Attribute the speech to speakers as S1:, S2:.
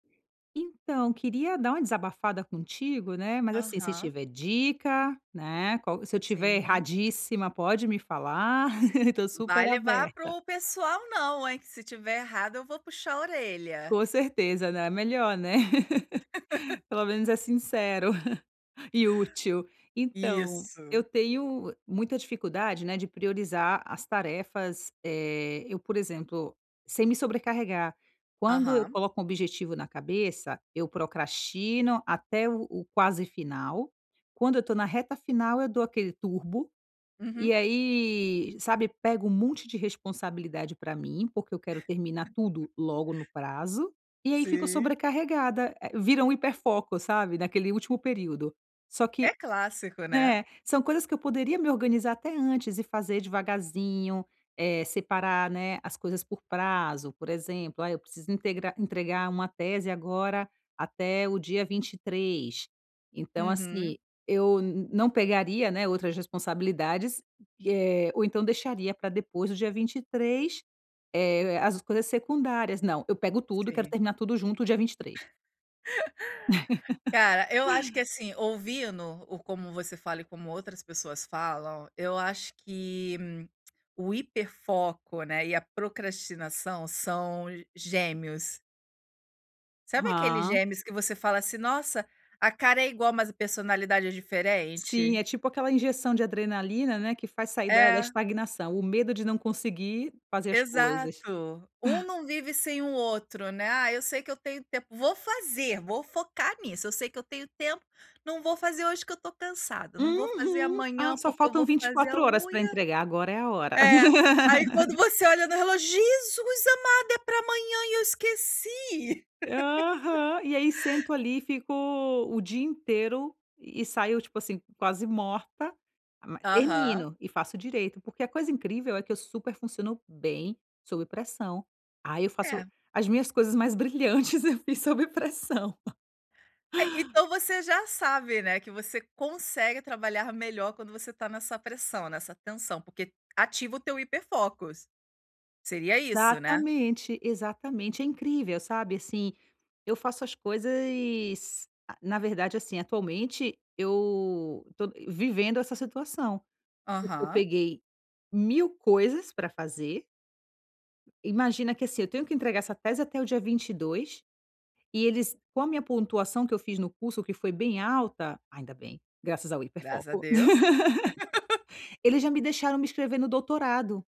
S1: Então, queria dar uma desabafada contigo, né, mas assim se
S2: Aham.
S1: tiver dica, né, qual se eu tiver
S2: Sim.
S1: erradíssima, pode me falar. Estou
S2: Vai
S1: super
S2: levar para
S1: aberta.
S2: o pessoal não hein, que se estiver errada eu vou puxar a orelha.
S1: Com certeza, né, é melhor, né. Pelo menos é sincero, e útil. Então,
S2: Isso.
S1: eu tenho muita dificuldade, né, de priorizar as tarefas, eh, eu, por exemplo sem me sobrecarregar. Quando eu
S2: Aham.
S1: coloco um objetivo na cabeça eu procrastino até o o quase final, quando eu estou na reta final eu dou aquele turbo. E
S2: Uhum.
S1: aí, sabe, pego um monte de responsabilidade para mim, porque eu quero terminar tudo logo no prazo, e aí fico
S2: Sim.
S1: sobrecarregada, eh, vira um hiperfoco, sabe, naquele último período. Só que,
S2: É clássico, né.
S1: né, são coisas que eu poderia me organizar até antes e fazer devagarzinho, eh, separar, né, as coisas por prazo, por exemplo, ah, eu preciso integrar entregar uma tese agora até o dia 23, então,
S2: Uhum.
S1: assim, eu não pegaria, né, outras responsabilidades, eh, ou então deixaria para depois do dia 23, eh, as coisas secundárias, não, eu pego tudo e quero
S2: Sim.
S1: terminar tudo junto dia 23.
S2: Cara, eu acho que assim, ouvindo o como você fala e como outras pessoas falam, eu acho que o hiperfoco, né, e a procrastinação são gêmeos. Sabe aqueles
S1: Hã.
S2: gêmeos que você fala assim: "Nossa, a cara é igual mas a personalidade é
S1: Sim,
S2: diferente."
S1: é tipo aquela injeção de adrenalina, né, que faz sair da da
S2: É.
S1: estagnação, o medo de não conseguir fazer as coisas.
S2: Exato, um não vive sem o outro, né: "Ah, eu sei que eu tenho tempo, vou fazer, vou focar nisso, eu sei que eu tenho tempo, não vou fazer hoje que eu estou cansada, não vou fazer
S1: Uhum: "Ah,
S2: amanhã
S1: só
S2: porque eu vou
S1: faltam vinte e
S2: fazer a
S1: quatro horas para
S2: unha."
S1: entregar. Agora é a hora."
S2: É, aí quando você olha no relógio: "Jesus amado, é para amanhã e eu esqueci."
S1: Aham, e aí sento ali e fico o dia inteiro. E saio, tipo assim, quase morta mas
S2: Aham.
S1: termino, e faço direito porque a coisa incrível é que eu super funciono bem sob pressão, ah eu faço
S2: É.
S1: as minhas coisas mais brilhantes eu fiz sob pressão.
S2: É, então você já sabe, né, que você consegue trabalhar melhor quando você tá nessa pressão, nessa tensão. Porque ativa o teu hiper focus. Seria isso, né?
S1: Exatamente, exatamente. É incrível, sabe assim, eu faço as coisas, ah na verdade, assim atualmente, eu tô vivendo essa situação, porque eu
S2: Aham.
S1: peguei mil coisas para fazer imagina que assim, eu tenho que entregar essa tese até o dia 22, e eles, com a minha pontuação que eu fiz no curso que foi bem alta, ainda bem, graças ao
S2: Graças a
S1: hiperfoco,
S2: Deus.
S1: eles já me deixaram me inscrever no doutorado.